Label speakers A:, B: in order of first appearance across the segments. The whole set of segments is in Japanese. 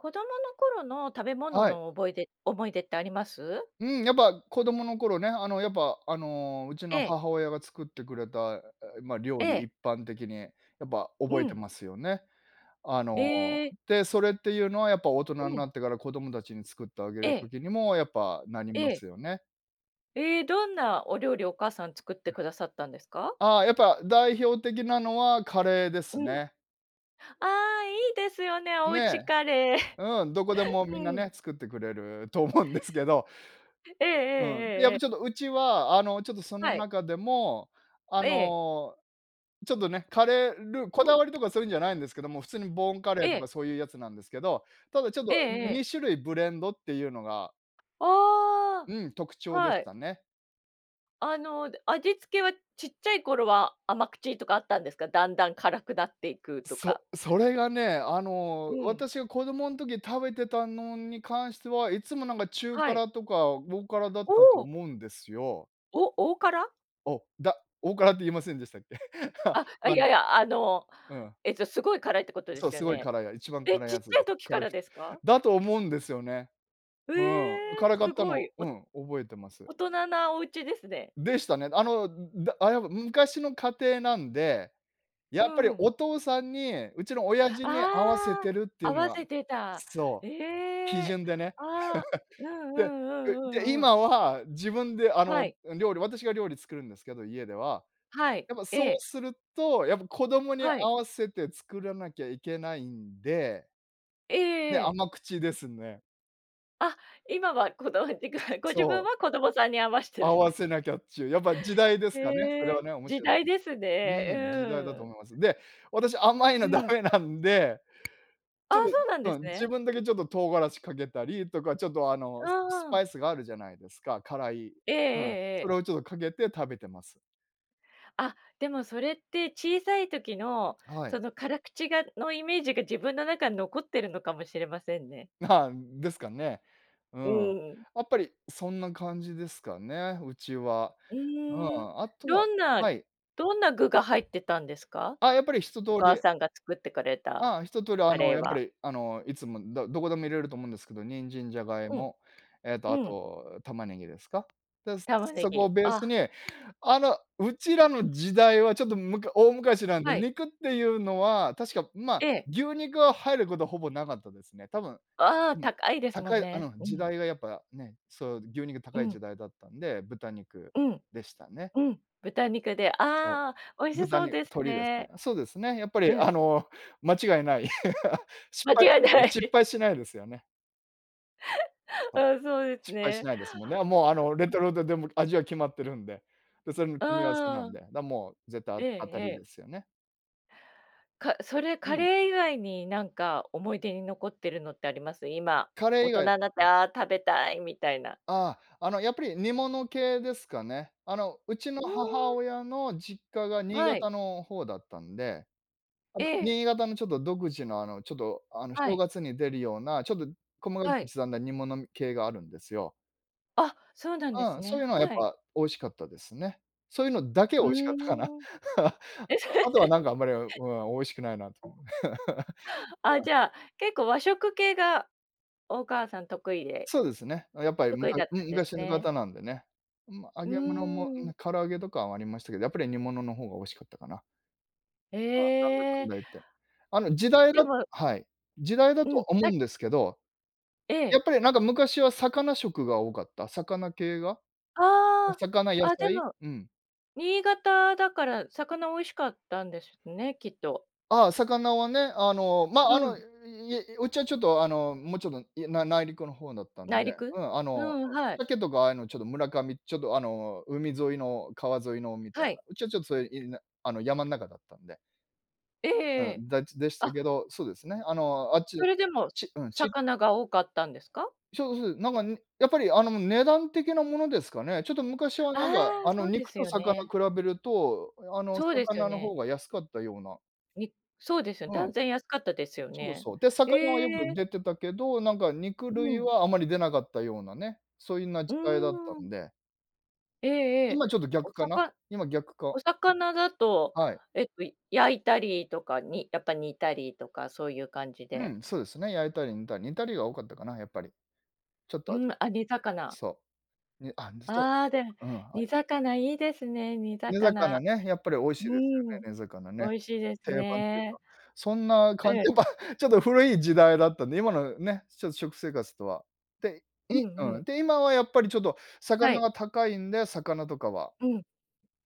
A: 子供の頃の食べ物
B: はい。
A: のおぼいで思い出ってあります？
B: うん、やっぱ子供の頃ね、あの、やっぱ、あの、うち
A: え
B: の
A: え。
B: 母親が作ってくれた、え、ま、料
A: え
B: 理、
A: え。
B: 一般的にやっぱ
A: う
B: 覚えて
A: ん。
B: ますよね。あの、
A: ええ。
B: で、それっていうのはやっぱ、大人
A: う
B: な
A: ん。
B: ってから子供たちに作ってあげ
A: え
B: る
A: え。
B: 時にも、やっぱ、なりま
A: ええ。
B: すよね。
A: え、どんなお料理、お母さん作ってくださったんですか？
B: あ、やっぱ代表的なのはカレーです
A: うん。
B: ね。
A: ああ、いいですよね、お家
B: ね、
A: カレー。
B: うん、どこで もみんな
A: うん。
B: ね、作ってくれると思うんですけど。
A: ええええ
B: うん、で、
A: え
B: やっ
A: ええ
B: ぱ
A: え。
B: ちょっとうちは、あの、ちょっとその
A: はい。
B: 中でも、あ
A: ええ。
B: の、ちょっとね、カレールこ
A: う
B: だ
A: ん。
B: わりとかそういうんじゃないんですけども、普通にボンカレ
A: え
B: ーと
A: え。
B: かそういうやつなんですけど、ただちょっ
A: ええ
B: と、
A: ええ。
B: 2種類ブレンドっていうのが
A: あ
B: うん、特
A: あ、
B: 徴でし
A: はい。
B: たね。
A: あの、で、味付けはちっちゃい頃は甘口とかあったんですか、だんだん辛くなっていくとか？
B: そそれがね、あ
A: う
B: の、
A: ん。
B: 私が子供ん時食べてたのに関しては、いつもなんか中
A: はい。
B: 辛とか大辛だっ
A: お
B: たと
A: お。
B: 思うんですよ。
A: お大辛？
B: おだ大辛って言いませんでしたっけ？
A: あ、あ、い
B: あ
A: やい
B: の
A: や、あの、
B: うん。
A: えっと、すごい辛いってことで
B: そう、
A: すよ
B: すごい
A: ね。
B: からや一番
A: え、
B: 辛い
A: ちっ
B: や
A: ち
B: つ、
A: ゃい時か
B: 辛
A: ら
B: 口、
A: ですか？
B: だと思うんですよね。
A: う
B: うん。
A: え、
B: 辛か
A: す
B: った
A: ご
B: の、
A: い、お
B: うん、覚えてます。
A: 大人なお家ですね。
B: でしたね。あの、んだあ、やっぱ、昔の家庭なんで、
A: う
B: やっぱり
A: ん。
B: お父さんに家の親父に合わせ
A: あ
B: てるって
A: あ、
B: い
A: 合
B: うの
A: わ
B: が
A: せてた。
B: そ
A: え
B: う、基
A: え！
B: 準でね。
A: あ、うん う
B: で
A: んう
B: で
A: ん
B: で、
A: うんうん。
B: 今は自分で、あ
A: は
B: の、
A: い。
B: あ、料理私が料理作るんですけど、家では。
A: はい、
B: やっぱ
A: え
B: そう
A: え。
B: すると、やっぱ子供に
A: はい。
B: 合わせて作らなきゃいけないんで
A: ええ
B: ね、
A: ええ。
B: 甘口ですね。
A: あ、今はこだわってがご自
B: そ
A: 分
B: う。
A: は子供さんに合わしてる
B: 合
A: ん
B: わ
A: で
B: せなきゃっちゅう、やっぱ時代ですかねそれ
A: へ
B: は
A: え、
B: ね、面
A: 時
B: 白いと
A: 代です
B: [unintelligible] う
A: ね、う
B: ん、時代だと
A: ーん。
B: 思います。で、私甘い
A: う
B: のダ
A: ん。
B: メなんで、
A: あ
B: ち
A: あ、
B: ょっ
A: そうなんで
B: と、
A: す
B: うん、自
A: ね。
B: 分だけちょっと唐辛子かけたりとかちょっとあ
A: う
B: のすス
A: んうん。
B: パイスがあるじゃないですか、辛い。
A: えええ
B: うん。
A: え
B: そ
A: ええ。
B: れをちょっとかけて食べてます。
A: あ、でもそれって小さい時の、
B: はい。
A: その辛口がの、イメージが自分の中に残ってるのかもしれませんね。
B: はあ、ですかね、う
A: う
B: ん、
A: ーん。
B: やっぱりそんな感じですかね、うちは。
A: う
B: う
A: ーん、
B: ん、あと
A: ど
B: は
A: んな
B: はい。
A: どんな具が入ってたんですか？
B: あ、やっぱり一通
A: お母
B: り
A: さんが作ってくれた
B: ああ、一通りあ
A: カ
B: の、
A: レー
B: やっぱ
A: は。
B: りあの、いつも、だどこでも入れると思うんですけど、人参、ジャガイ
A: うん。
B: モ、えっとあ
A: うん。
B: と、玉ねぎですか。で、
A: 玉ね
B: そこ
A: ぎ、
B: をベース
A: あ。
B: に、あの、うちらの時代はちょっとむか大昔なんで、
A: はい。
B: 肉っていうのは確か、ま
A: え
B: あ、
A: え。
B: 牛肉は入ることはほぼなかったですね。多分
A: ああ、
B: うん、
A: 高いですもん
B: 高い。う
A: ね。
B: ん、
A: う
B: 時
A: ん。
B: 代がやっぱね、そう、牛肉
A: う
B: 高い
A: ん。
B: 時代だったんで、豚肉
A: うん。
B: でしたね。
A: うん、豚肉で、
B: そ
A: ああ、美味
B: う。
A: し
B: 豚
A: そ
B: に
A: うです
B: 鶏です
A: ね。
B: ね。そうですね。やっぱ
A: う
B: り
A: ん。
B: あの、間違いない 失
A: 間
B: 敗
A: 違い
B: [unintelligible]
A: ない。
B: 失 敗しないですよね。はい。
A: ああ、そうです
B: 失敗し
A: ね。
B: ないですもんね、あ、もう、あの、レトルトでもう、味は決まってるんで。で、それの
A: う
B: 組み合わせな
A: ー
B: ん
A: ん。
B: で、だ、もう絶対あ
A: ええ
B: 当た
A: え
B: り
A: え。
B: ですよね。
A: かそれ、
B: う
A: カ
B: ん。
A: レー以外になんか思い出に残ってるのってあります？今、
B: カレー
A: 大
B: 以
A: 人ん
B: 外
A: なって「ああ、食べたい」みたいな。
B: ああ、あの、やっぱり煮物系ですかね。あの、うちの
A: うー
B: 母
A: ん。
B: 親の実家が新
A: はい。
B: 潟の方だったんで、あ
A: え
B: の、
A: え。
B: 新潟のちょっと独自の、あの、ちょっとあの、
A: は
B: 正
A: い。
B: 月に出るようなちょっと細かく
A: はい。
B: 刻んだ煮物み系があるんですよ。
A: あ、そうなんで
B: う
A: す
B: ん、そうい
A: ね、
B: うのはやっ
A: はい。
B: ぱ美味しかったですね。そういうのだけ
A: う
B: 美味しかったかな？
A: ーん。
B: あ
A: え、それ
B: とあとはなんかあんまり、あ、う ん、美味しくないなっていうのが
A: あ、
B: うん。
A: じゃあ、結構和食系が、お母さん得意で
B: そうですね。う、やっぱりむ
A: 得意
B: か
A: だっ
B: う
A: たん
B: ん、
A: です
B: 昔のか
A: ね。
B: たなんでね。ま、揚
A: う
B: げ物も
A: ーん。
B: な唐揚げとかはありましたけど、やっぱり煮物のほうが美味しかったかな。まあ、なんだか
A: え
B: ん
A: え。
B: だ言って。あの、時代
A: で
B: だ
A: も
B: はい。時代だ
A: う
B: と
A: ん。
B: 思
A: さ
B: うんですけど、
A: え
B: や
A: え。
B: っぱりなんか昔は魚食が多かった、魚系が。お
A: あ
B: 魚、
A: あ、
B: 野
A: あ、で
B: 菜、
A: も
B: うん。
A: 新潟だから魚美味しかったんですね、きっと。
B: ああ、魚はね、あの、まあ、あ
A: う
B: の、
A: ん。
B: いうちはちょっと、あの、もうちょっと、いな内陸の方だったん
A: 内
B: で、
A: 陸？
B: うん、あ
A: う
B: の、
A: ん、
B: そう、
A: はい。
B: サケとかああいうのちょっと、村上ちょっと、あの、海沿いの川沿いのみたい
A: はい。
B: な。うちはちょっとそういう、いるなあの、山ん中だったんで。
A: えええ
B: う
A: え、
B: ん、だちでし
A: あ
B: た
A: っ
B: けど、そうですね。あの、あっち
A: それでも、す
B: ち、うん、ち
A: 魚が多かったんですか？
B: しょう、すう、なんかやっぱり、あの、値段的なものですかね。ちょっと昔はなんか、
A: ああ、
B: あ
A: そ
B: の、
A: うで
B: 肉
A: す
B: と
A: よ
B: 魚
A: ね。
B: 比べると、あの、
A: そうですよ
B: 魚の
A: ね。
B: 方が安かったような。
A: みそうですよね。
B: う
A: 断
B: ん。
A: 然安かったですよ
B: そう
A: ね。
B: そう。で、
A: へ
B: 魚はよく
A: え。
B: 出てたけど、なんか肉
A: う
B: 類
A: ん。
B: はあまり出なかったようなね、そゆな
A: うー
B: 時代だった
A: ん。
B: んで
A: ええええ。
B: 今ちょっと
A: お
B: 逆か
A: さ
B: な？
A: か
B: 今逆か
A: お魚だと、
B: はい。
A: えっと焼いたりとか、にやっぱ煮たりとかそういう感じ
B: う
A: で。
B: ん、そうですね。焼いたり煮たり、煮たりが多かったかな？やっぱり。ちょっ
A: う
B: と
A: ー
B: 味
A: ん、あ、煮魚。
B: そう。ね、あ、にそ
A: ああ、で、
B: あ、うん、あ
A: 煮
B: り
A: 魚いいですね、煮
B: 煮魚
A: 魚。
B: ね、やっぱり美味
A: う
B: し
A: ー
B: いですよ
A: ん、
B: ね、煮魚
A: 美
B: ね。
A: 味しいです
B: 定番っていう
A: ね。
B: か。そんな感
A: ええ。
B: じ、ぱ、ちょっと古い時代だったんで、今のね、ちょっと食生活とは、て
A: う
B: い
A: んう
B: うん、
A: ん。
B: で、今はやっぱりちょっと
A: は
B: 魚
A: い。
B: は高いんで、魚とかは、
A: うん。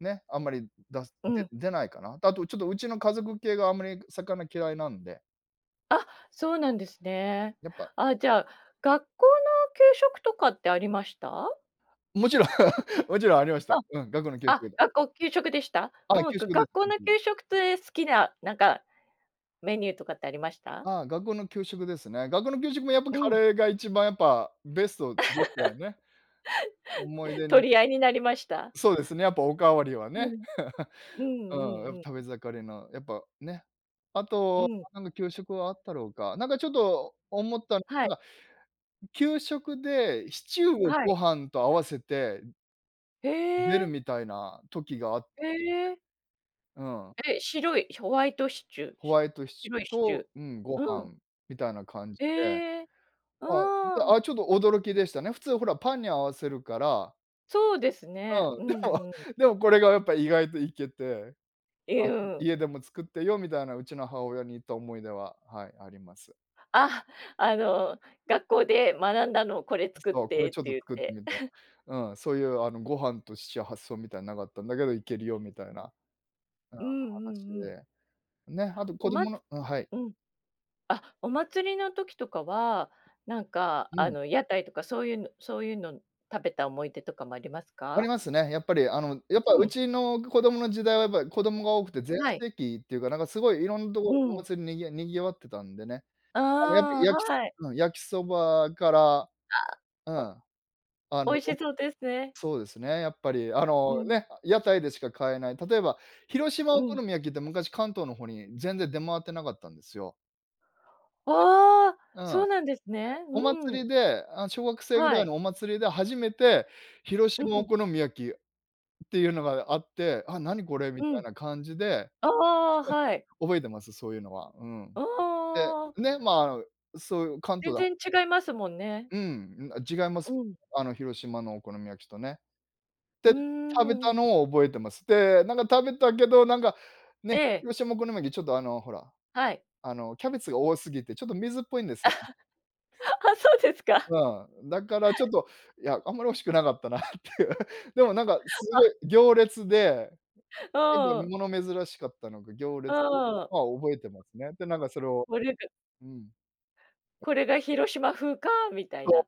B: ね、あんまり出す
A: う
B: で
A: ん。
B: 出ないかな？で、あと、ちょっとうちの家族系があんまり魚嫌いなんで
A: あっ、そうなんですね。
B: やっぱ
A: あ、じゃあ、学校の給食とかってありました？
B: 勿論、勿論ありました。
A: あ、
B: うん、学校の給
A: あ、
B: 食で。
A: 学校給食でした？う
B: はい。
A: ん、
B: 給
A: が
B: 食でう、
A: 学校の
B: ふん。
A: 給食とえ好きな、なんか、メニューとかってありました？
B: ああ、学校の給食ですね。学校の給食も、やっぱ、
A: う
B: カ
A: ん。
B: レーが一番、やっぱ、ベストでしたよ ね。思い出に
A: 取り合いになりました？
B: そうですね。やっぱ、おかわりは
A: う
B: ね。
A: ん、うん
B: うん、やっ
A: うん
B: ぱ
A: うん。
B: 食べ盛りの、やっぱ、ね。あ
A: う
B: と、
A: ん。
B: なんか給食はあったろうか？なんか、ちょっと思ったの
A: はい。
B: が給食で、シチューを
A: はい。
B: ご飯と合わせて
A: へ
B: 出る
A: え。
B: みたいな時があって。
A: へえ。
B: うん。
A: え、白いホワイトシチュー？
B: ホ
A: し
B: ワイトシチュ
A: 白
B: ー
A: いシチュ
B: と
A: ー。
B: うん、ご
A: うん。
B: 飯みたいな感じで。
A: へえ、
B: あ、で、
A: ああ。
B: あ、ちょっと驚きでしたね。普通ほら、パンに合わせるから。
A: そうですね。
B: う
A: う
B: ん、でも
A: んうん。
B: でも、これがやっぱ意外といけて。
A: え、
B: あ、
A: う
B: ちょっと
A: ん。
B: 「家でも作ってよ」みたいな。うちの母親に言った思い出は、はい、あります。
A: あ、あの、学校で学んだの、これ作っ
B: そう、こ
A: て
B: れ、
A: って
B: ちょっと
A: 言っ
B: 作って
A: て。
B: みて。うん。そういう、あの、ご飯とシチュー発想みたい無かったんだけど、いけるよみたいな、うん、
A: うんう
B: 話
A: んうん。
B: で。ね、あと、
A: お
B: 子
A: まつ
B: 供のうん、はい。
A: うん。あ、お祭りの時とかは、なんか、
B: う
A: あ
B: ん。
A: の、屋台とかそういうのそういうの、食べた思い出とかも、あります
B: あ
A: か？
B: りますね。やっぱり。あの、やっぱ、
A: う
B: う
A: ん。
B: ちの子供の時代はやっぱ子供が多くて全
A: はい。
B: 盛期っていうか、なんか、すごい、いろんど
A: う
B: こ、お
A: ん。
B: 祭り、にぎ賑わってたんでね。あの、やっぱり
A: あ
B: 焼き
A: あ。
B: す
A: はい。
B: うん、焼きそばから、う
A: ああ、
B: ん。あ
A: お
B: の、
A: 美味し
B: おこ
A: そうですね。
B: そうですね、やっぱり、あ
A: う
B: の、
A: ん。
B: ね、屋台でしか買えない、例えば、広島
A: う
B: お好
A: ん。
B: み焼きって昔、関東の方に全然出回って無かったんですよ。
A: ああ！
B: う
A: そ
B: ん。
A: うなんですね。
B: お
A: うん。
B: 祭りで、あの、小学生ぐ
A: は
B: らい
A: い。
B: のお祭りで初めて広
A: う
B: 島お
A: ん。
B: 好み焼きっていうのがあって「あ、何これ？」み
A: う
B: た
A: ん。
B: いな感じで、
A: ああ、はい。
B: 覚えてます。そういうのは。うん。
A: あ
B: で、
A: あ。
B: ね、ま、そういう関東
A: 全
B: だ
A: 然違いますもんね。
B: うん。ん、あ、違います。
A: うん。
B: あの、広島のお好み焼きとね。
A: う
B: で、
A: ー
B: 食べた
A: ん。
B: のを覚えてます。で、なんか食べたけど、なんか、ね、
A: ええ。
B: 広島お好み焼きちょっと、あの、ほら、
A: はい。
B: あの、キャベツが多すぎてちょっと水っぽいんでせ。
A: あ、そうですか。
B: うん。だからちょ っと、いや、あんまり美味しくなかったなっていう。でも、なんかすご
A: あ。
B: い行列で、結構
A: う、う
B: み
A: ん。
B: 物珍しかったのか、行
A: う
B: 列
A: ー
B: [unintelligible]
A: ん。
B: は覚えてますね。で、なんかそれを
A: もりやく。
B: うん。
A: 「これが広島風か」みたい
B: そ
A: な。
B: う。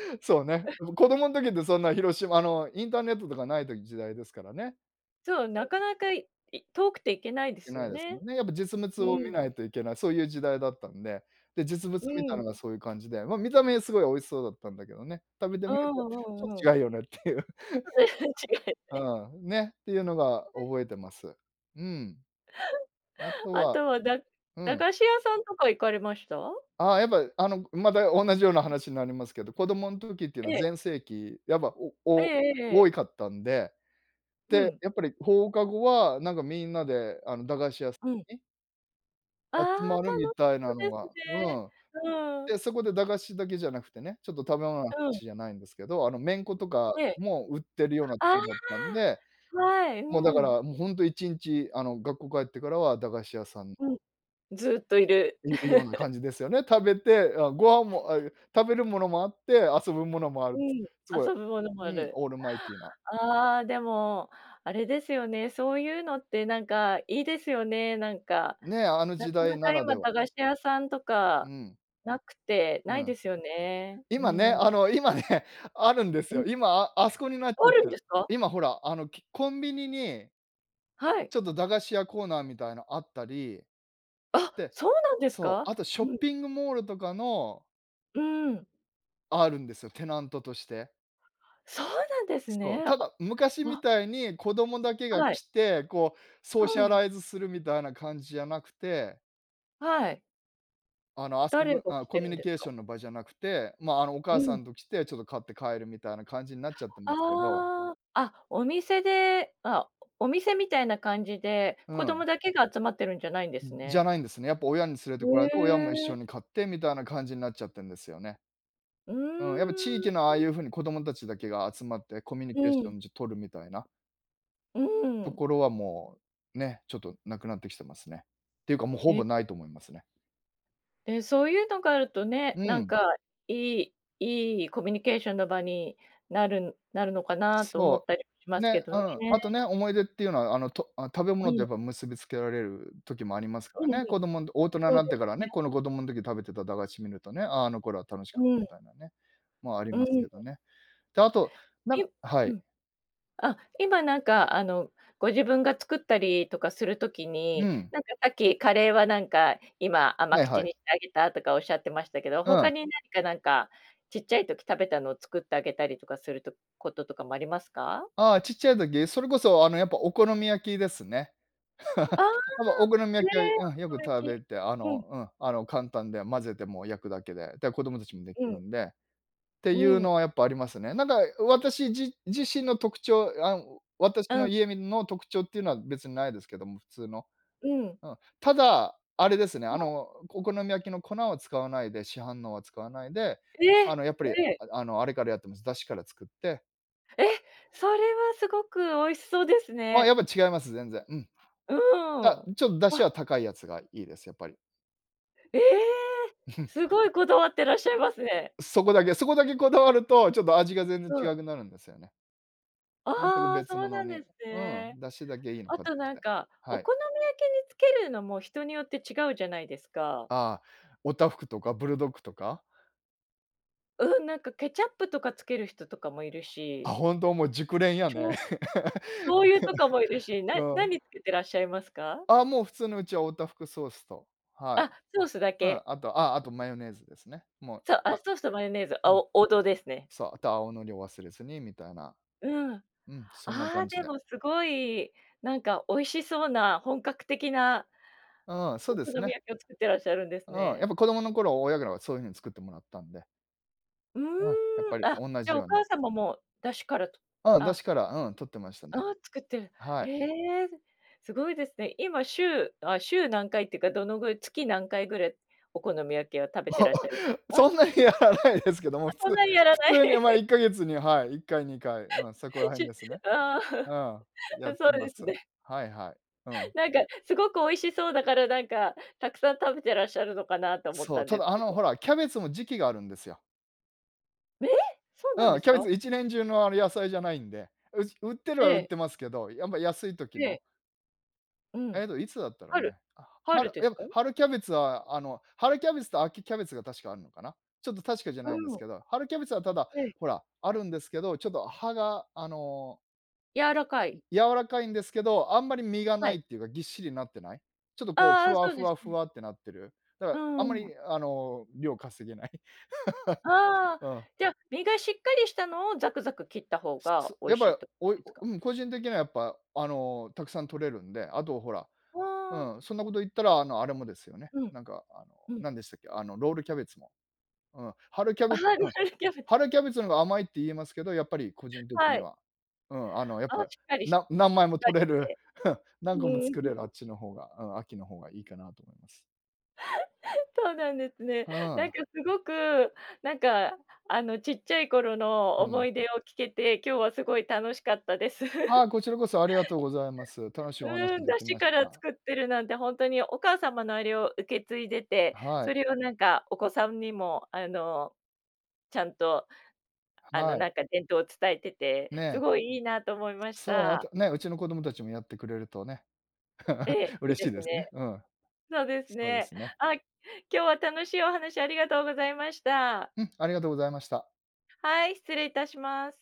B: そうね、子供ん時ってそんな広島の、インターネットとかない時時代ですからね。
A: そう。な
B: [unintelligible]
A: かなかいい遠くて行けないで
B: 行け
A: すよ
B: ないです
A: ね。
B: もんね。やっぱ実物
A: う
B: を見
A: ん。
B: ないといけない、そういう時代だったんで。で、実物
A: う
B: 見
A: ー
B: たの
A: ん。
B: がそういう感じで、ま、見た目はすごい美味しそうだったんだけどね。食べて
A: う
B: みる
A: ん
B: と、
A: うんう
B: ち
A: ん。
B: ょ違うよねっていう。
A: 違 い、え
B: うん。ね、っていうのが 覚えてます。うん。あと
A: あ
B: は
A: とは、だ
B: う
A: 駄
B: ん。
A: 菓子屋さんとか行かれました？
B: あ、やっぱ、あの、くまた同じような話になりますけど、子供ん時っていうの
A: え
B: は
A: え。
B: 全盛期、やっぱ、お
A: え
B: おお
A: ええええ
B: 多
A: え。
B: いかったんで。
A: う
B: で、
A: ん。
B: やっぱり放課後は、なんかみんなで、あの、駄菓子屋さ
A: うん。
B: に
A: ああ、
B: 集まる
A: た
B: み
A: の
B: たい
A: そ
B: な
A: で
B: の
A: す
B: が、う
A: ね。
B: ん。
A: うーん。
B: で、そこで駄菓子だけじゃなくてね、ちょっと食べ物の話
A: うん。
B: じゃないんですけど、あの、めんことか
A: ええ。
B: も売ってるようなと
A: ああ、
B: こだったんで、
A: はい、う
B: もうだか
A: ん。
B: らもうほんと1日あの、学校帰ってからは駄菓子屋さん
A: うん、ずっといる。
B: いるような 感じですよね。食べて、あ、ご飯も、あ、いえ、食べるものもあって、遊ぶものもあ
A: う
B: る。
A: ん、
B: すごい、
A: 遊ぶものもあ
B: うん、
A: る。
B: オールマイティーな
A: ああ、でも、あれですよね、そういうのってなんかいいですよね、なんか、
B: ね、あの
A: な
B: 時
A: か
B: 代
A: な
B: な
A: か
B: らで
A: 今
B: は。
A: 駄菓子屋さんと
B: う
A: か
B: ん。
A: なくて、な
B: う
A: いで
B: ん。
A: すよね。う
B: 今ね、
A: ーん。
B: あの、今ね、あるんです
A: ええ。
B: よ。今、ああそこになっちゃ
A: あ
B: っ
A: るん
B: て
A: で
B: る。
A: すか？
B: 今ほら、あの、きコンビニに
A: はい。
B: ちょっと駄菓子屋コーナーみたいなあったり。
A: あ、
B: で
A: そうなんです
B: そう、
A: か？
B: あとショッ
A: うん。
B: ピングモールとかの
A: うーん。
B: あるんですよ、テナントとして。
A: そうなんです
B: そ
A: ね。
B: う、た
A: あ。
B: だ昔み
A: わ。
B: たいに子供だけが
A: はい。
B: 来て、こうソーシ
A: う
B: ャ
A: ん。
B: ライズするみたいな感じじゃなくて。
A: はい。
B: あの、遊
A: 誰
B: ぶ
A: が
B: あ、
A: 来
B: コ
A: て
B: ミュ
A: るん
B: ニ
A: です
B: ケーシ
A: か？
B: ョンの場じゃなくて、まあ、あの、お
A: う
B: 母さ
A: ん。
B: んと来て、ちょっと買って帰るみたいな感じになっちゃってますけど。
A: ああ、あ、お店であ、お店みたいな感じで、
B: う
A: 子供
B: ん。
A: だけが集まってるんじゃないんです
B: ん、じ
A: ね。
B: ゃないんですね。やっぱ親に連れ
A: へ
B: てこられて、親も一
A: え。
B: 緒に買ってみたいな感じになっちゃってんですよね。
A: う
B: うん。やっぱ地
A: ー
B: 域の、ああい
A: ん。
B: う風に子供たちだけが集まって、コミュニ
A: う
B: ケーシ
A: ん。
B: ョン、じ取るみたいな
A: う
B: と
A: ん。
B: ころはもう、ね、ちょっと無くなってきてますね。っていうかもう、ほ
A: え。
B: ぼないと思いますね。
A: で、そういうのがあるとね、
B: う
A: なん
B: ん。
A: かいいいいコミュニケーションの場になるなるのかなと思っ
B: そ
A: たりもし
B: う。
A: ます
B: ね、
A: けど
B: う
A: ね。
B: ん。あとね、思い出っていうのは、あの、とあ、食べ
A: う
B: 物と、
A: ん。
B: やっぱ結びつけられる時もありますか
A: うんうん。
B: らね。子供ん大人に
A: そう
B: なっ
A: で
B: てから
A: すね。
B: ね、この、子供の時食べてた駄菓子見るとね、ああ、あの頃は楽しかった
A: うん。
B: みたいなね。まあ、あり
A: う
B: ます
A: ん。
B: けどね。で、あと、なん
A: い
B: かは
A: う
B: い。
A: ん。あ、今なんかあの、ご自分が作ったりとかする時
B: う
A: に、
B: ん。
A: なんかさっき、カレーはなんか今、甘
B: はい
A: 口
B: はい。
A: にしてあげたとか仰ってましたけど。
B: うん。
A: 他に何か、なんかちっちゃい時食べたのを作ってあげたりとかするとこととかもありますか？
B: ああ、ちっちゃい時、それこそ、あの、やっぱお好み焼きですね。
A: ああ。
B: あの、お好み
A: え
B: 焼きは、
A: え、
B: うん、よ
A: お
B: く
A: 好み焼
B: 食
A: き、
B: べて、あ
A: う
B: の
A: ん。
B: うん。あの、簡単で混ぜて、もう焼くだけで、だか子供たちもでき
A: うん。
B: るんで。って
A: う
B: いう
A: ん。
B: のはやっぱありますね。なんか私じ自身の特徴あん、私
A: う
B: の
A: ん。
B: 家みんの特徴っていうのは別にないですけども。普通の。
A: うん。
B: うん。ただ、あれですね、
A: は
B: あ
A: い。
B: の、お好み焼きの粉を使わないで、市販のは使わないで、
A: え
B: あ
A: え、
B: の、やっぱり、
A: ええ。
B: ああの、あれからやってます。出汁から作って
A: え！それはすごく美味しそうです
B: あ、や
A: ね。
B: っぱ違います全然、うん。
A: う
B: だ
A: ん。
B: ちょっと出
A: わ
B: 汁は高いやつがいいです、やっぱり。
A: え！すごいこだわってらっしゃいますね。
B: そこだけ、そこだけこだわると、ちょっと味が全然
A: うん。
B: 違くなるんですよね。全く
A: ああ、
B: 別
A: そう
B: 物
A: なんで
B: に。
A: す
B: うん、
A: ね。
B: 出汁だけいいの
A: あ
B: 買っ
A: と
B: てき
A: なん
B: て。
A: か、お
B: はい。
A: 好み焼きにつけるのも人によって違うじゃないですか？
B: ああ、オタフクとかブルドッグとか？
A: うん、なんかケチャップとかつける人とかもいる
B: あ、
A: し
B: ほんと？もう熟練や
A: ち
B: ね。
A: ょ 醤油とかもいるし、な
B: うん。
A: 何つけてらっしゃいますか？
B: ああ、もう普通の、うちはオタフクソースと、はい。
A: あ、ソースだ
B: うん、
A: け？
B: あと、あ、あとマヨネーズですね、もう、
A: そあ、
B: あ
A: ソースとマヨネーズ、
B: う
A: あ、
B: ん。
A: お王道ですね。
B: そう、あと青のりを忘れずにみたいな。
A: うん。あ
B: うん、そんな
A: あ、
B: 感じ
A: で
B: で。
A: も、すごいなんか美味しそうな、本格的な
B: うん、そう
A: お
B: で
A: 好
B: す
A: み
B: ね。
A: 焼きを作ってらっしゃるんです
B: うん、や
A: ね。
B: っぱ子供の頃、親からはそういう風に作ってもらったんで。
A: う
B: うん、やっ
A: ー
B: ぱ
A: ん。
B: り
A: あ、
B: おんな
A: じゃ
B: じ
A: お
B: ように。
A: 母さんも、もう出汁からと
B: うん、出
A: あ
B: 汁から、うん、取ってましたね。
A: ああ、作ってる。
B: は
A: へ
B: い。
A: え、すごいですね。今、週あ、週何回ってか、どのぐ月何回ぐらいお好み焼きは食べてらっしゃる か？
B: そんなにや
A: [unintelligible]
B: らないですけども、
A: あ、
B: 普
A: そん
B: 通
A: なにやら
B: 普
A: ない？
B: 通に、ま、い っかげつに、はい、1回、2回うん、そこら
A: ち
B: 辺
A: ゅ
B: ですね。
A: ああ、
B: う ん、やっ
A: う、そ
B: て
A: う
B: ま
A: です
B: す。
A: ね。
B: はい、はい。うん。
A: なんか、すごく美味しそうだから、なんか、たくさん食べてらっしゃるのかなと思っ
B: そ
A: た
B: う、
A: ん
B: た
A: です
B: だ、あ
A: け
B: の、
A: ど。
B: ほらキャベツも時期があるんですよ。
A: ええ！そうなんで
B: うん、
A: す
B: キャベ
A: か？
B: ツ一年中の、あの、野菜じゃないんで。うし売ってる
A: え
B: は売っ
A: え。
B: てますけど、やま、安い時
A: ええ。
B: の
A: うん、
B: えっと、いつだったろう
A: 春。
B: ね。あ、
A: 春
B: 春、
A: です
B: やっぱ、
A: か？
B: 春キャベツは、あの、春キャベツと秋キャベツが確かあるのかな。ちょっと確かじゃ
A: う
B: ないんです
A: ん。
B: けど、春キャベツは、ただ
A: へい。
B: ほら、あるんですけど、ちょっと葉があの
A: 柔らか
B: う
A: い。
B: 柔らかいんですけど、あんまり実が
A: は
B: ない
A: い。
B: っていうか、ぎっしりになってない。ちょっとこう、
A: ああ、
B: ふ
A: あ、
B: わ
A: そう
B: ふ
A: です
B: わふ
A: ね。
B: わってなってる。だか
A: う
B: らあんま
A: ーん。
B: りあの、量かせげない。
A: ああ。
B: うん。
A: じゃ、実がしっかりしたのをザクザク切った方
B: す
A: が
B: す
A: 美味
B: やっ
A: しい
B: ぱ、
A: と
B: おい、
A: です
B: お
A: か？
B: うん。個人的にはやっぱあの、たくさん取れるんで、あとほら、
A: うわ。
B: うん。そんなこと言ったらあのあれもですよね。
A: うん。
B: なんかあの
A: うん。
B: なんでしたっけ、あのロールキャベツも。うん、春キャ
A: あ
B: ベ
A: は、ロ
B: うん。
A: ールキャベツ。
B: 春キャベツのが甘いって言えますけど、やっぱり個人的
A: は
B: に
A: い。
B: は。うん。あのやっ
A: あ、
B: ぱ、
A: しっかりしし
B: な
A: っ
B: 何枚も
A: かり
B: 取れ
A: し
B: る、
A: て。う
B: 何個も
A: ーん。
B: 作れるあっ ちの方が、うん。秋の方がいいかなと思います。
A: そうなんですね。
B: うー
A: な
B: ん。
A: んかすごく、なんか、あのちっちゃい頃の
B: う
A: 思
B: ん。
A: い出を聞けて、今日はすごい楽しかったです。
B: あ、こちらこそありがとうございます。楽しいお
A: う
B: 話
A: ん、
B: で
A: 出
B: き
A: 汁
B: まし
A: から
B: た。
A: 作ってるなんてほんとにお母様のあれを受け継いでて、
B: は
A: そ
B: い。
A: れをなんかお子さんにもあの、ちゃんと、あの
B: は
A: な
B: い。
A: んか伝統を伝えてて、す
B: ね。
A: ごいいいなと思いまし
B: そう、あ
A: た。
B: とね、うちの子供達もやってくれるとね、
A: ええ、い
B: 嬉
A: い
B: し
A: で
B: い
A: す
B: ですね。
A: ね。
B: うん。
A: そうです
B: そうで
A: ね。
B: すね。
A: あ、今日は楽しいお話ありがとうございました。
B: うん、ありがとうございました。
A: はい、失礼いたします。